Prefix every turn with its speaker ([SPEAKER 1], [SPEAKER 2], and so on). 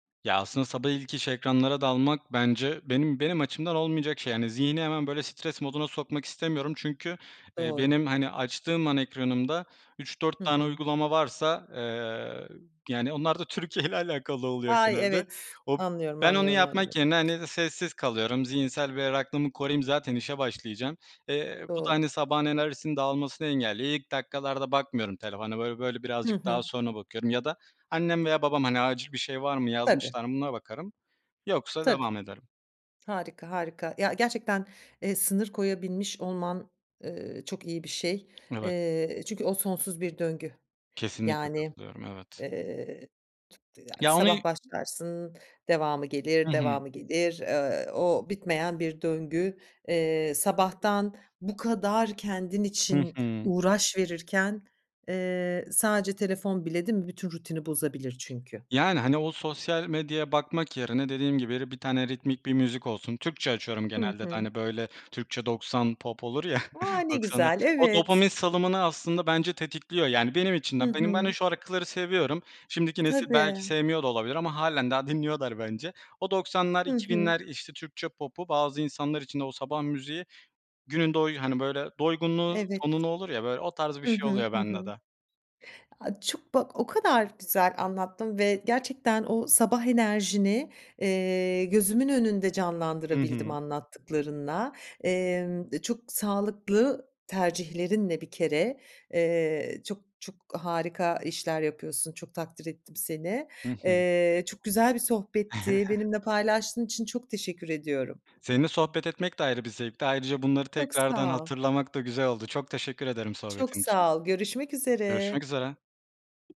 [SPEAKER 1] Ya, aslında sabah ilk iş ekranlara dalmak bence benim benim açımdan olmayacak şey. Zihni hemen böyle stres moduna sokmak istemiyorum. Çünkü, eee,
[SPEAKER 2] Doğru.
[SPEAKER 1] benim, hani, açtığım an ekranımda 3-4
[SPEAKER 2] Hı
[SPEAKER 1] tane
[SPEAKER 2] hı.
[SPEAKER 1] uygulama varsa, eee, yani onlar da Türkiye ile alakalı oluyor
[SPEAKER 2] Ay!
[SPEAKER 1] genelde.
[SPEAKER 2] Evet.
[SPEAKER 1] O
[SPEAKER 2] Anlıyorum,
[SPEAKER 1] ben onu
[SPEAKER 2] anlıyorum,
[SPEAKER 1] yapmak
[SPEAKER 2] anlıyorum.
[SPEAKER 1] yerine, hani, sessiz kalıyorum. Zihinsel berraklığımı koruyayım zaten işe başlayacağım. Eee, bu da,
[SPEAKER 2] Doğru.
[SPEAKER 1] hani, sabahın enerjisinin dağılmasını engelliyor. İlk dakikalarda bakmıyorum telefona. Böyle, böyle
[SPEAKER 2] Hı
[SPEAKER 1] birazcık daha
[SPEAKER 2] hı.
[SPEAKER 1] sonra bakıyorum ya da annem veya babam, hani, acil bir şey var mı
[SPEAKER 2] Tabii.
[SPEAKER 1] yazmışlar mı buna bakarım. Yoksa
[SPEAKER 2] Tabii.
[SPEAKER 1] devam ederim.
[SPEAKER 2] Harika, harika. Ya, gerçekten, eee, sınır koyabilmiş olman, ııı, çok iyi bir şey.
[SPEAKER 1] Evet.
[SPEAKER 2] Eee, çünkü o sonsuz bir döngü.
[SPEAKER 1] Kesinlikle
[SPEAKER 2] Yani,
[SPEAKER 1] katılıyorum, evet.
[SPEAKER 2] eee, t yani sabah
[SPEAKER 1] Yani
[SPEAKER 2] başlarsın devamı gelir,
[SPEAKER 1] Hı hı.
[SPEAKER 2] devamı gelir, eee, o bitmeyen bir döngü. Eee, sabahtan bu kadar kendin
[SPEAKER 1] Hı
[SPEAKER 2] için
[SPEAKER 1] hı.
[SPEAKER 2] uğraş verirken, eee, sadece telefon bile değil mi bütün rutini bozabilir çünkü.
[SPEAKER 1] Yani, hani, o sosyal medyaya bakmak yerine dediğim gibi bir tane ritmik bir müzik olsun, Türkçe açıyorum
[SPEAKER 2] Hı
[SPEAKER 1] genelde de,
[SPEAKER 2] hı.
[SPEAKER 1] hani, böyle Türkçe 90 pop olur ya
[SPEAKER 2] A! Ne
[SPEAKER 1] 90'a
[SPEAKER 2] güzel,
[SPEAKER 1] O dopamin
[SPEAKER 2] evet.
[SPEAKER 1] salımını aslında bence tetikliyor. Yani benim
[SPEAKER 2] Hı
[SPEAKER 1] içimden. Benim ben şu
[SPEAKER 2] hı.
[SPEAKER 1] şarkıları seviyorum. Şimdiki nesil belki
[SPEAKER 2] Tabii.
[SPEAKER 1] sevmiyor da olabilir ama hâlen daha dinliyorlar bence. O 90'lar
[SPEAKER 2] Hı
[SPEAKER 1] iki
[SPEAKER 2] hı.
[SPEAKER 1] binler işte Türkçe popu bazı insanlar için de o sabah müziği günün doy hani, böyle doygunluğu
[SPEAKER 2] Evet.
[SPEAKER 1] tonunu olur ya böyle o tarz bir
[SPEAKER 2] Hı
[SPEAKER 1] şey
[SPEAKER 2] hı.
[SPEAKER 1] oluyor
[SPEAKER 2] Hı
[SPEAKER 1] bende
[SPEAKER 2] hı.
[SPEAKER 1] de.
[SPEAKER 2] A, çok bak o kadar güzel anlattın ve gerçekten o sabah enerjini, eee, gözümün önünde
[SPEAKER 1] Hı
[SPEAKER 2] canlandırabildim
[SPEAKER 1] hı.
[SPEAKER 2] anlattıklarınla. Emm, e, çok sağlıklı tercihlerinle bir kere, eee, çok, çok harika işler yapıyorsun. Çok takdir ettim seni.
[SPEAKER 1] Hı hı.
[SPEAKER 2] Eee, çok güzel bir sohbetti. Benimle paylaştığın için çok teşekkür ediyorum.
[SPEAKER 1] Seninle sohbet etmek de ayrı bir zevkti. Ayrıca bunları
[SPEAKER 2] Çok
[SPEAKER 1] tekrardan
[SPEAKER 2] sağ ol.
[SPEAKER 1] hatırlamak da güzel oldu. Çok teşekkür ederim
[SPEAKER 2] Çok
[SPEAKER 1] sohbetin için.
[SPEAKER 2] sağ ol. Görüşmek üzere.
[SPEAKER 1] Görüşmek üzere.